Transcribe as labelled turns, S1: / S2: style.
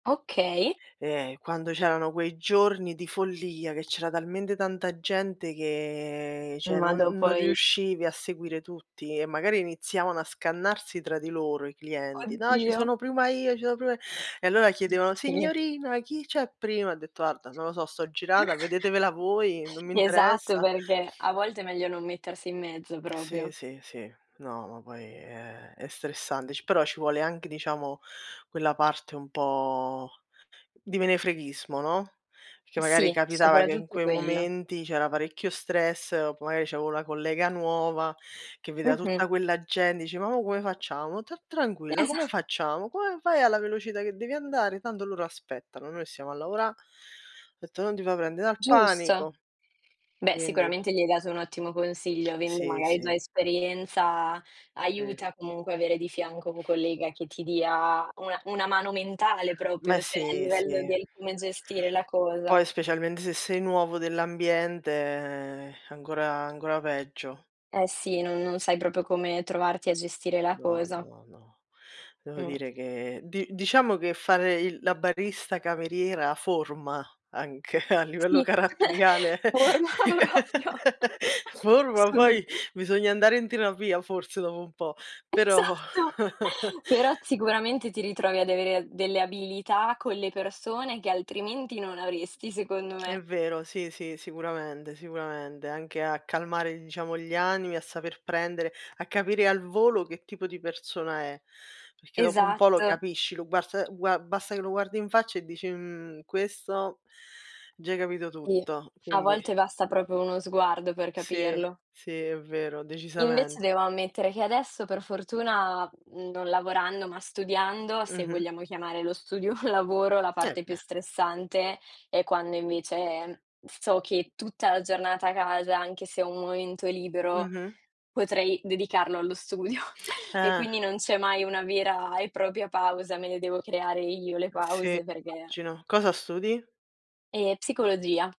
S1: Okay.
S2: Ehm, quando c'erano quei giorni di follia che c'era talmente tanta gente che cioè
S1: Ma
S2: non
S1: dopo
S2: non
S1: i
S2: riuscivi a seguire tutti e magari iniziavano a scannarsi tra di loro i clienti "No ci
S1: Oddio.
S2: sono prima io, ci sono prima i" e allora
S1: [unintelligible]
S2: chiedevano:
S1: Sì.
S2: "Signorina, chi c'è prima," ho detto: "Guarda, non lo so, sto girata, vedetevela voi, non mi
S1: Esatto,
S2: interessa."
S1: perché a volte è meglio non mettersi in mezzo
S2: Sì,
S1: proprio.
S2: sì, sì, no, ma poi è è stressante, ci però ci vuole anche diciamo, quella parte un po' di menefreghismo, no, perché magari
S1: Sì,
S2: capitava che in
S1: sopraggiunto
S2: quei
S1: quello.
S2: momenti c'era parecchio stress o p magari c'avevo la collega nuova che vedeva
S1: Mh-mh.
S2: tutta quella gente, dice: "Ma mo come facciamo? Ta tranquilla,
S1: Esa
S2: come facciamo, come fai alla velocità che devi andare tanto loro aspettano, noi stiamo a lavora'," ho detto: "Non ti fa prendere dal
S1: Giusto.
S2: panico."
S1: Beh,
S2: Quindi.
S1: sicuramente gli hai dato un ottimo consiglio avendo
S2: Sì,
S1: magari già
S2: sì.
S1: esperienza,
S2: Sì.
S1: aiuta comunque avere di fianco un collega che ti dia una una mano mentale
S2: Ma
S1: proprio, cioè a
S2: sì,
S1: livello
S2: sì.
S1: del come gestire la cosa.
S2: Poi specialmente se sei nuovo dell'ambiente, ehm, è ancora è ancora peggio.
S1: Eh sì non non sai proprio come trovarti a gestire la
S2: No,
S1: cosa.
S2: no, no. Devo
S1: Mh.
S2: dire che di diciamo che fare il la barista cameriera forma anche a livello
S1: Sì,
S2: caratteriale,
S1: forma proprio.
S2: forma
S1: Solo
S2: poi
S1: tu
S2: bisogna andare in terapia forse dopo un po', però.
S1: Esatto. Però sicuramente ti ritrovi ad avere a delle abilità con le persone che altrimenti non avresti secondo
S2: È
S1: me.
S2: vero, sì, sì, sicuramente, sicuramente, anche a calmare diciamo gli animi, a saper prendere, a capire al volo che tipo di persona è. Perché dopo un po' lo
S1: Esatto.
S2: capisci, lo guars gua basta che lo guardi in faccia e dici: "Mhmm, questo" già hai capito
S1: Sì,
S2: tutto,
S1: a
S2: quindi
S1: volte basta proprio uno sguardo per
S2: Sì,
S1: capirlo.
S2: sì, è vero,
S1: Invece
S2: decisament
S1: devo ammettere che adesso per fortuna, mhmm, non lavorando, ma studiando, se
S2: Mh-mh.
S1: vogliamo chiamare lo studio lavoro, la
S2: Eh
S1: parte più
S2: bene.
S1: stressante, è quando invece so che tutta la giornata a casa, anche se ho un momento libero,
S2: Mh-mh.
S1: potrei dedicarlo allo studio. E
S2: Eh.
S1: quindi non c'è mai una vera e propria pausa, me le devo creare io le
S2: Eh sì,
S1: pause perché
S2: immagino. Cosa studi?
S1: Ehm, psicologia.